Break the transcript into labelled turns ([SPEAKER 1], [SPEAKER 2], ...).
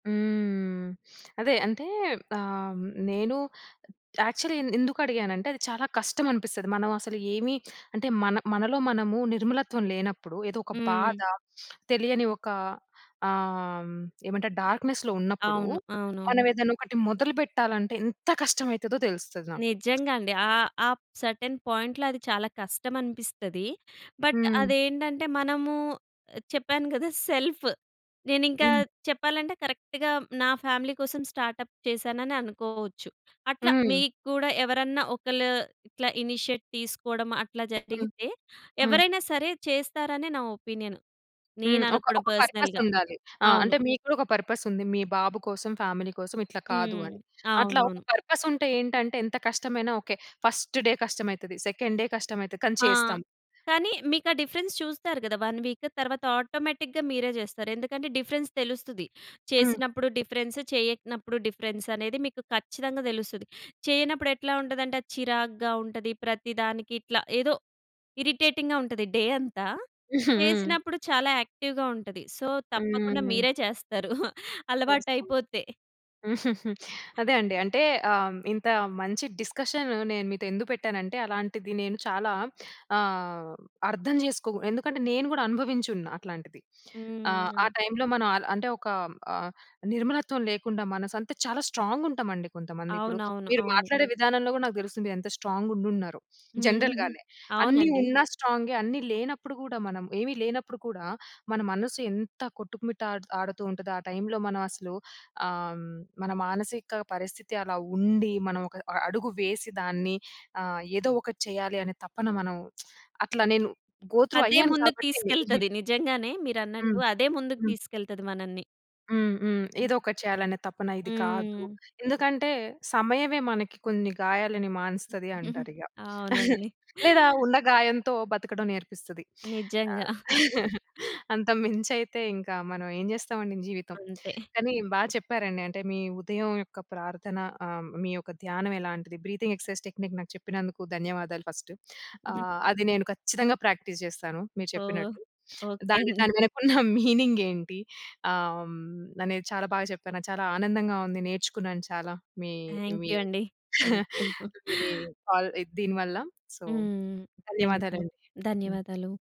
[SPEAKER 1] హ్మ్. అదే. అంటే ఆహ్, నేను యాక్చువల్లి ఎంద్ ఎందుకు అడిగానంటే అది చాలా కష్టమనిపిస్తది. మనం అసలు ఏమి అంటే మన మనలో మనము నిర్మలత్వం లేనప్పుడు ఏదో ఒక బాధ,
[SPEAKER 2] హ్మ్.
[SPEAKER 1] తెలియని ఒక ఆహ్, ఏమంటారు? డార్క్‌నెస్‌లో ఉన్నప్పుడు
[SPEAKER 2] అవును. అవునవును.
[SPEAKER 1] మనం ఏదన్నా ఒకటి మొదలు బెట్టాలంటే ఎంత కష్టం అయితదో తెలుస్తది నాకు.
[SPEAKER 2] నిజంగా అండి. ఆ ఆప్ సెర్టైన్ పాయింట్‌లో అది చాలా కష్టం అనిపిస్తది. బట్
[SPEAKER 1] హ్మ్.
[SPEAKER 2] అదేంటంటే మనము చెప్పాను గదా! సెల్ఫ్. నేనింకా
[SPEAKER 1] హ్మ్.
[SPEAKER 2] చెప్పాలంటే కరెక్ట్‌గా నా ఫ్యామిలీ కోసం స్టార్టప్ చేశాననే అనుకోవచ్చు. అట్లా
[SPEAKER 1] హ్మ్.
[SPEAKER 2] మీకు కూడా ఎవరన్నా ఒకళ్ళు ఇట్లా ఇనిషియేట్ తీసుకోవడం అట్లా
[SPEAKER 1] హ్మ్.
[SPEAKER 2] జరిగితే
[SPEAKER 1] హ్మ్.
[SPEAKER 2] ఎవరైనా సరే చేస్తారని నా ఒపీనియన్.
[SPEAKER 1] హ్మ్.
[SPEAKER 2] నేను
[SPEAKER 1] ఒక
[SPEAKER 2] అనుకోవడం
[SPEAKER 1] ఒక పర్పస్
[SPEAKER 2] పర్సనల్‌గా.
[SPEAKER 1] ఉండాలి. ఆ! అంటే
[SPEAKER 2] అవును.
[SPEAKER 1] మీకు గూడా ఒక పర్పస్ ఉంది. "మీ బాబు కోసం, ఫ్యామిలీ కోసం ఇట్లా కాదు"
[SPEAKER 2] హ్మ్.
[SPEAKER 1] అని. అట్లా ఒక
[SPEAKER 2] అవునవును.
[SPEAKER 1] పర్పస్ ఉంటే ఏంటంటే ఎంత కష్టమైనా ఓకే. ఫస్ట్ డే కష్టమైతది, సెకండ్ డే కష్టమైతది కానీ
[SPEAKER 2] ఆ!
[SPEAKER 1] చేస్తాం.
[SPEAKER 2] కానీ మీకు ఆ డిఫరెన్స్ చూస్తారు గదా! 1 వీక్. తర్వాత ఆటోమేటిక్‌గా మీరే జేస్తారు. ఎందుకంటే డిఫరెన్స్ తెలుస్తది.
[SPEAKER 1] హ్మ్.
[SPEAKER 2] చేసినప్పుడు డిఫరెన్స్, చెయ్యనప్పుడు డిఫరెన్స్ అనేది మీకు ఖచ్చితంగా తెలుస్తది. చేయనప్పుడు ఎట్లా ఉంటదంటే అది చిరాగ్గా ఉంటది. ప్రతి దానికి ఇట్లా ఏదో ఇరిటేటింగ్‌గా ఉంటది డే అంతా.
[SPEAKER 1] హ్మ్.
[SPEAKER 2] చేసినప్పుడు చాలా యాక్టివ్‌గా ఉంటది. సో తప్పకుండా
[SPEAKER 1] హ్మ్.
[SPEAKER 2] మీరే చేస్తారు.
[SPEAKER 1] చేస్తాం.
[SPEAKER 2] అలవాటైపోతే.
[SPEAKER 1] అదే అండి. అంటే ఆహ్, ఇంత మంచి డిస్కషన్ నేను మీతో ఎందు పెట్టానంటే అలాంటిది నేను చాలా ఆహ్, అర్థం చేసుకోవు. ఎందుకంటే నేను గూడా అనుభవించి ఉన్నా అట్లాంటిది. ఆహ్, ఆ
[SPEAKER 2] హ్మ్.
[SPEAKER 1] టైమ్‌లో మనం అల అంటే ఒక ఆహ్, నిర్మలత్వం లేకుండా మనసంతే చాలా స్ట్రాంగ్ ఉంటామండి కొంతమంది. ఇప్పుడు
[SPEAKER 2] అవునవును.
[SPEAKER 1] మీరు
[SPEAKER 2] అవును.
[SPEAKER 1] మాట్లాడే విధానంలో గూడా నాకు తెలుస్తుంది ఎంత స్ట్రాంగ్ ఉండున్నారో
[SPEAKER 2] హ్మ్.
[SPEAKER 1] జనరల్‌గానే. అన్నీ
[SPEAKER 2] అవునండి.
[SPEAKER 1] ఉన్న స్ట్రాంగే, అన్నీ లేనప్పుడు గూడా మనం ఏమి లేనప్పుడు కూడా మన మనసు ఎంత కొట్టుమిట్టాడుతూ ఉంటాదో ఆ టైమ్‌లో మనం అసలు ఆహ్, మన మానసిక పరిస్థితి అలా ఉండి, మనం ఒక అ అడుగు వేసి దాన్ని ఆహ్, ఏదో ఒకటి చేయాలి అనే తపన మనం అట్లా నేను గో త్రూ
[SPEAKER 2] అదే
[SPEAKER 1] అయ్యాను
[SPEAKER 2] ముందుకు
[SPEAKER 1] కాబట్టి.
[SPEAKER 2] తీసుకెల్తది. నిజంగానే మీరన్నట్టు
[SPEAKER 1] హ్మ్.
[SPEAKER 2] అదే ముందుకు
[SPEAKER 1] హ్మ్.
[SPEAKER 2] తీసుకెళ్తది మనల్ని.
[SPEAKER 1] హ్మ్. హ్మ్.
[SPEAKER 2] హ్మ్.
[SPEAKER 1] ఏదోకటి చేయాలనే తపన ఇది కాదు.
[SPEAKER 2] హ్మ్.
[SPEAKER 1] ఎందుకంటే "సమయమే మనకి కొన్ని గాయాలను మానుస్తది" అంటారిగ.
[SPEAKER 2] అవునండి.
[SPEAKER 1] లేదా ఉన్న గాయంతో బతకడం నేర్పిస్తది.
[SPEAKER 2] నిజంగా.
[SPEAKER 1] ఆహ్, అంతకు మించైతే ఇంకా మనం ఏం జేస్తామండి జీవితం.
[SPEAKER 2] అంతే.
[SPEAKER 1] కానీ బా చెప్పారండి. అంటే మీ ఉదయం యొక్క ప్రార్థన ఆహ్, మీ యొక్క ధ్యానం ఎలాంటిది? బ్రీతింగ్ ఎక్సర్సైజ్ టెక్నిక్ నాకు చెప్పినందుకు ధన్యవాదాలు ఫస్ట్. ఆహ్, అది నేను ఖచ్చితంగా ప్రాక్టీస్ జేస్తాను. మీరు
[SPEAKER 2] ఓహ్!
[SPEAKER 1] చెప్పినట్టు.
[SPEAKER 2] ఓకే
[SPEAKER 1] దాని
[SPEAKER 2] అండి.
[SPEAKER 1] దాని వెనక ఉన్న మీనింగ్ ఏంటి ఆహ్, అనేది చాలా బాగా చెప్పాను. నాకు చాలా ఆనందంగా ఉంది. నేర్చుకున్నాను చాలా. మీ మీ
[SPEAKER 2] థ్యాంక్యూ అండి. థ్యాంక్యూ.
[SPEAKER 1] మీ కాల్ ఇ దీని వల్ల. సో
[SPEAKER 2] హ్మ్. థ్యాంక్యూ.
[SPEAKER 1] ధన్యవాదాలండి. హ్మ్.
[SPEAKER 2] ధన్యవాదాలు.